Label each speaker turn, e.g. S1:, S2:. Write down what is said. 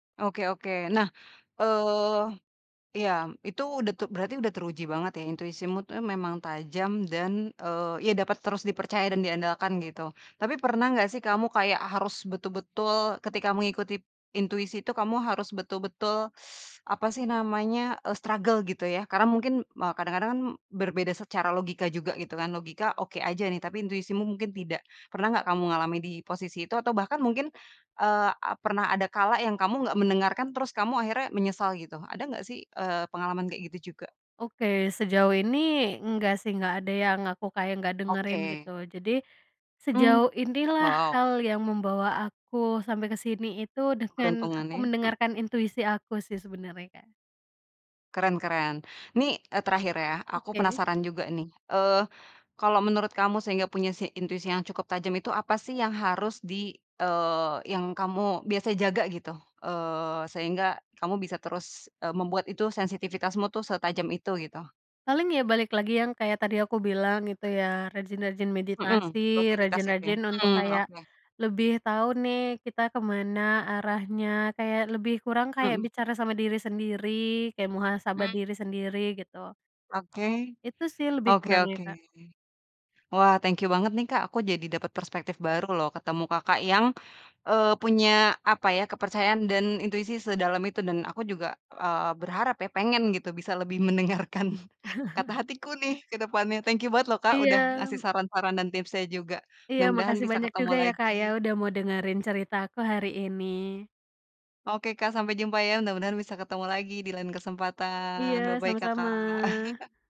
S1: Oke oke, nah, eee, ya itu udah tuh berarti udah teruji banget ya, intuisimu tuh memang tajam dan, eee, ya dapat terus dipercaya dan diandalkan gitu, tapi pernah gak sih kamu kayak harus betul-betul ketika mengikuti intuisi itu kamu harus betul-betul apa sih namanya, eee, struggle gitu ya karena mungkin me kadang-kadang kan berbeda secara logika juga gitu kan, logika oke aja nih, tapi intuisimu mungkin tidak. Pernah nggak kamu ngalami di posisi itu atau bahkan mungkin, eee, pernah ada kala yang kamu nggak mendengarkan terus kamu akhirnya menyesal gitu, ada nggak sih, eee, pengalaman kayak gitu juga?
S2: Oke sejauh ini enggak sih, enggak ada yang aku kayak enggak dengerin gitu.
S1: Oke.
S2: Jadi
S1: Oh.
S2: sejauh inilah
S1: wow.
S2: hal yang membawa aku sampai ke sini itu dengan
S1: Keberuntungan
S2: aku
S1: ya. Hmm.
S2: mendengarkan intuisi aku sih sebenarnya Kak.
S1: Keren keren, nih, eee, terakhir ya aku
S2: Oke.
S1: penasaran juga nih, eee, kalau menurut kamu sehingga punya si intuisi yang cukup tajam itu apa sih yang harus di, eee, yang kamu biasa jaga gitu, eee, sehingga kamu bisa terus, eee, membuat itu sensitifitasmu tuh setajam itu gitu?
S2: Paling ya balik lagi yang kayak tadi aku bilang gitu ya, rajin-rajin
S1: Mhm,
S2: meditasi,
S1: rutinitas itu ya,
S2: rajin-rajin untuk
S1: mmm
S2: kayak
S1: oke.
S2: lebih tahu nih kita ke mana arahnya, kayak lebih kurang kayak
S1: Mhm.
S2: bicara sama diri sendiri, kayak muhasabah
S1: Mmm.
S2: diri sendiri gitu.
S1: Oke.
S2: Itu sih lebih
S1: Oke
S2: kurangnya
S1: oke.
S2: Kak.
S1: Wah thank you banget nih Kak, aku jadi dapet perspektif baru loh ketemu Kakak yang, eee, punya apa ya kepercayaan dan intuisi sedalam itu dan aku juga, eee, berharap ya, pengen gitu bisa lebih mendengarkan kata hatiku nih ke depannya, thank you banget lho Kak udah ngasih
S2: Iya.
S1: saran-saran dan tipsnya juga,
S2: Iya
S1: mudah-mudahan
S2: makasih
S1: bisa
S2: banyak
S1: ketemu
S2: juga ya Kak ya
S1: lagi.
S2: udah mau dengerin ceritaku hari ini.
S1: Oke Kak sampai jumpa ya. Mudah-mudahan bisa ketemu lagi di lain kesempatan,
S2: Iya,
S1: bye-bye
S2: sama-sama.
S1: Kakak.